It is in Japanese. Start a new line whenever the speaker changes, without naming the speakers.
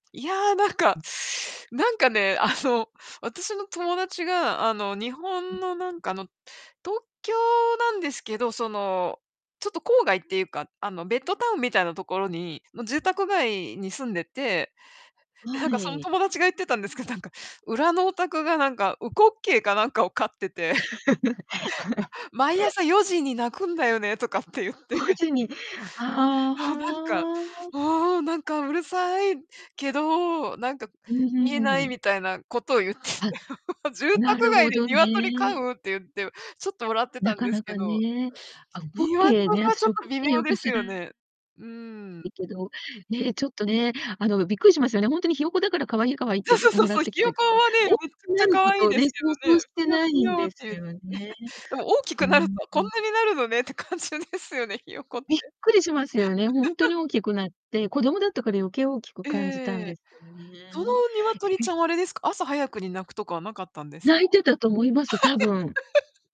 いや、なんか、
うん。
なんかね、あの、私の友達が、あの、日
うん、う
本
ん。
のなんか、あの、東京なんですけど、その、ちょっと郊外っていうか、あの、ベッドタウンみたいなところにの住宅街に住んでて、なん
わ
かその
い。
友達が言ってたんですけど、なんか裏のお宅がなんか烏骨鶏かなんかを飼ってて 毎朝4時に鳴くんだよね、とかって言って。
文 字に。あ
はあ、なんか、
あ、はあ。
もうなんかうるさいけどなんか
うん、ふ
言
ん、
えな
う
い
ん。
みたいなことを言ってて
あ。
住
な
宅
る
街
ほ
で
ど
鶏飼
ね。
うって言ってちょっと笑ってた
な
ん
か
です
な
け
か
ど。
ね。あ、烏
鶏は
骨鶏ね、
ちょ
私
っ
烏
と
骨
微
鶏
妙
よ
で
く
す
知ら
よね。うん。
いけど、ね、ちょっとね、あの、びっくりしますよね、ほんとにひよこだから可愛い、可愛いっ
そう
てが
そうそう
貰っ
そう、
てき
ひ
た
よ
け
こ
ど、
はね、む
お
っちゃくち
な
ゃ
る
か
こ
わいい
とを
で
ね、
すけ
想
ど
像
ね、
し
ぴ
て
よ
な
ぴ
いん
よっ
で
て
す
言っ
よね。
でも大き
う
く
ー
なると
ん。う
こん
ん。
なになるのねって感じですよね、ひよこって。
びっくりしますよね、ほんと に大きくなって、子供だったから余計大きく感じたん
え
で
え。
すよ
その
ね。
鶏ち
[unintelligible]
ゃんはあれですか、朝早くに鳴くとかはなかったんですか？
鳴いてたと思います、多分。